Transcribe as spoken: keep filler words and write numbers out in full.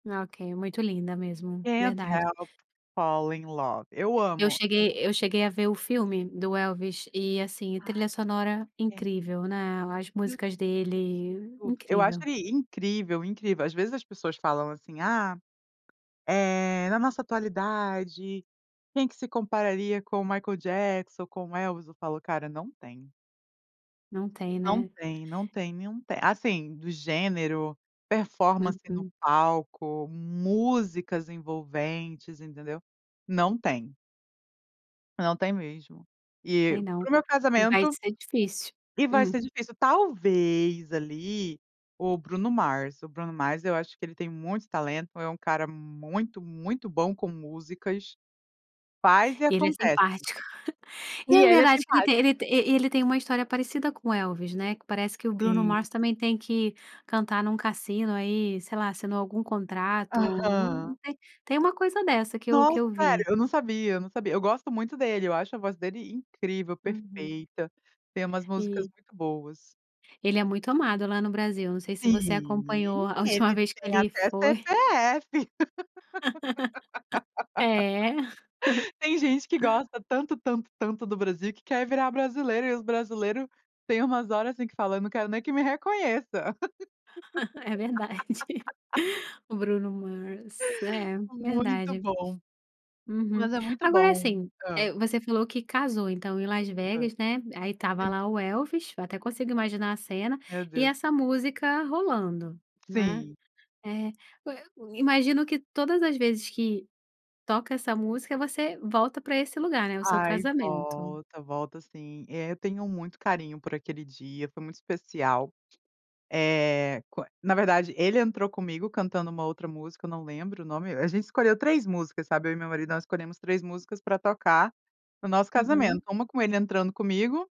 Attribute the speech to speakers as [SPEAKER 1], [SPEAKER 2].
[SPEAKER 1] Ok, muito linda mesmo,
[SPEAKER 2] Can't
[SPEAKER 1] verdade.
[SPEAKER 2] help falling in love. Eu
[SPEAKER 1] Eu
[SPEAKER 2] amo. Eu
[SPEAKER 1] cheguei
[SPEAKER 2] amo.
[SPEAKER 1] eu cheguei a ver o filme do Elvis, e assim trilha sonora
[SPEAKER 2] [unintelligible]
[SPEAKER 1] incrível, né, as músicas dele
[SPEAKER 2] Eu acho
[SPEAKER 1] incrível.
[SPEAKER 2] ele incrível, incrível, às vezes as pessoas falam assim: "Ah, eh, na nossa atualidade, quem que se compararia com o Michael Jackson, com o Elvis?" Eu falo: "Cara, não tem."
[SPEAKER 1] Não tem,
[SPEAKER 2] Não
[SPEAKER 1] né.
[SPEAKER 2] tem, não tem nenhum, assim, do gênero, performance no
[SPEAKER 1] Uhum.
[SPEAKER 2] palco, músicas envolventes, entendeu? Não tem. Não tem mesmo.
[SPEAKER 1] Não
[SPEAKER 2] E
[SPEAKER 1] tem
[SPEAKER 2] para
[SPEAKER 1] não.
[SPEAKER 2] o meu
[SPEAKER 1] E vai
[SPEAKER 2] casamento,
[SPEAKER 1] ser difícil.
[SPEAKER 2] e vai
[SPEAKER 1] Hum.
[SPEAKER 2] ser difícil talvez ali, o Bruno Mars, o Bruno Mars eu acho que ele tem muito talento, é um cara muito, muito bom com músicas, faz e
[SPEAKER 1] E ele é
[SPEAKER 2] acontece.
[SPEAKER 1] simpático. E
[SPEAKER 2] E
[SPEAKER 1] é
[SPEAKER 2] ele é
[SPEAKER 1] verdade que
[SPEAKER 2] simpático.
[SPEAKER 1] ele ele tem uma história parecida com o Elvis, né, que parece que o Bruno
[SPEAKER 2] Sim.
[SPEAKER 1] Mars também tem que cantar em um cassino aí, sei lá, assinou algum contrato,
[SPEAKER 2] Aham.
[SPEAKER 1] tem uma coisa dessa que eu que
[SPEAKER 2] Nossa,
[SPEAKER 1] eu
[SPEAKER 2] sério,
[SPEAKER 1] vi.
[SPEAKER 2] eu não sabia, eu não sabia, eu gosto muito dele, eu acho a voz dele incrível,
[SPEAKER 1] Uhum.
[SPEAKER 2] perfeita, tem umas músicas
[SPEAKER 1] E.
[SPEAKER 2] muito boas.
[SPEAKER 1] Ele é muito amado lá no Brasil, não sei se você acompanhou
[SPEAKER 2] Sim,
[SPEAKER 1] a última
[SPEAKER 2] ele
[SPEAKER 1] vez que
[SPEAKER 2] tem
[SPEAKER 1] eli
[SPEAKER 2] até
[SPEAKER 1] foi.
[SPEAKER 2] CPF.
[SPEAKER 1] É.
[SPEAKER 2] Tem gente que gosta tanto, tanto, tanto do Brasil que quer virar brasileiro, e os brasileiro tem umas horas, assim, que fala: "Não quero nem que me reconheça."
[SPEAKER 1] É verdade. O Bruno Mars, é,
[SPEAKER 2] Muito
[SPEAKER 1] verdade.
[SPEAKER 2] bom,
[SPEAKER 1] Uhum.
[SPEAKER 2] mas é muito
[SPEAKER 1] Agora
[SPEAKER 2] bom.
[SPEAKER 1] assim,
[SPEAKER 2] Hã.
[SPEAKER 1] eh, você falou que casou então em Las
[SPEAKER 2] Hã.
[SPEAKER 1] Vegas, né, aí estava
[SPEAKER 2] Sim.
[SPEAKER 1] lá o Elvis, eu até consigo imaginar a cena,
[SPEAKER 2] Meu
[SPEAKER 1] e
[SPEAKER 2] Deus.
[SPEAKER 1] essa música rolando, né.
[SPEAKER 2] Sim.
[SPEAKER 1] Eh, e o imagino que todas as vezes que toca essa música você volta para esse lugar, né, o seu
[SPEAKER 2] Ai
[SPEAKER 1] casamento.
[SPEAKER 2] volta, volta sim, eh, eu tenho muito carinho por aquele dia, foi muito especial. Eh, qua na verdade ele entrou comigo cantando uma outra música, não lembro o nome, a gente escolheu três músicas, sabe? E meu marido, nós escolhemos três músicas para tocar no nosso casamento,
[SPEAKER 1] Uhum.
[SPEAKER 2] uma com ele entrando comigo